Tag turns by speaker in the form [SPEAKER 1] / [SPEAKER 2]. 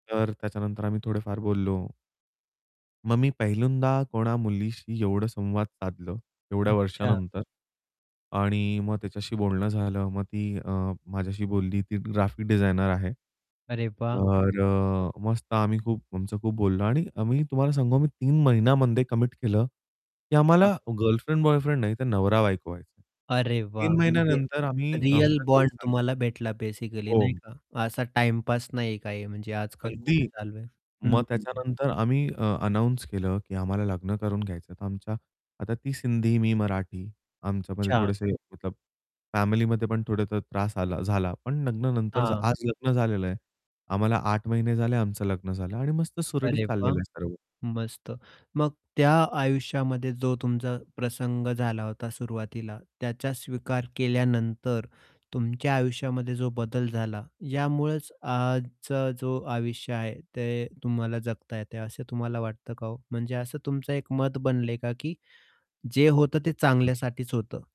[SPEAKER 1] तर त्याच्यानंतर आम्ही थोडेफार बोललो. मग मी पहिल्यांदा कोणा मुलीशी एवढं संवाद साधलं एवढ्या
[SPEAKER 2] अच्छा.
[SPEAKER 1] वर्षांनंतर.
[SPEAKER 2] हं.
[SPEAKER 1] आणि मग त्याच्याशी बोलणं झालं. मग ती अ, माझ्याशी बोलली. ती ग्राफिक डिझायनर आहे.
[SPEAKER 2] अरे, वाह!
[SPEAKER 1] तर
[SPEAKER 2] मस्त.
[SPEAKER 1] अ, मस्त आम्ही खूप आमचं खूप बोललो आणि आम्ही तुम्हाला सांगू, मी 3 महिन्यांमध्ये कमिट केलं, की आम्हाला
[SPEAKER 2] हां.
[SPEAKER 1] गर्लफ्रेंड-बॉयफ्रेंड नाही, तर नवरा-बायको व्हायचं आहे.
[SPEAKER 2] अरे वाह!
[SPEAKER 1] 3
[SPEAKER 2] म्हणजे
[SPEAKER 1] महिन्यांनंतर आम्ही
[SPEAKER 2] रिअल
[SPEAKER 1] आमच्या घरी
[SPEAKER 2] बॉन्ड
[SPEAKER 1] सांग
[SPEAKER 2] तुम्हाला भेटला बेसिकली, नाही
[SPEAKER 1] हो.
[SPEAKER 2] का? असा टाईम पास नाही काही, म्हणजे आजकाल खूप
[SPEAKER 1] अगदी.
[SPEAKER 2] चालू आहे. हं,
[SPEAKER 1] मग
[SPEAKER 2] हं, हं.
[SPEAKER 1] त्याच्यानंतर आम्ही अ, अनाउन्स केलं, की आम्हाला लग्न करून घ्यायचं. तर आमच्या, आता ती सिंधी, मी मराठी. आमच्यामध्ये
[SPEAKER 2] अच्छा.
[SPEAKER 1] थोडेसे मतलब फॅमिलीमध्ये पण थोडासा त्रास आला झाला, पण लग्नानंतर
[SPEAKER 2] हां.
[SPEAKER 1] आज लग्न झालेलं आहे. आम्हाला 8 महिने झाले आमचं लग्न झालं. आणि मस्त सुरळीत
[SPEAKER 2] अरे वाह!
[SPEAKER 1] चाललेलं आहे सर्व.
[SPEAKER 2] मस्त. मग त्या आयुष्यामध्ये जो तुमचा प्रसंग झाला होता सुरुवातीला, त्याचा स्वीकार केल्यानंतर, तुमच्या आयुष्यामध्ये जो बदल झाला, यामुळेच आजचा जो आयुष्य आहे, ते तुम्हाला जगता येतंय, असं तुम्हाला वाटतं का हो? म्हणजे असं तुमचं एक मत बनलंय का, की जे होतं ते
[SPEAKER 1] हं.
[SPEAKER 2] चांगल्यासाठीच होतं?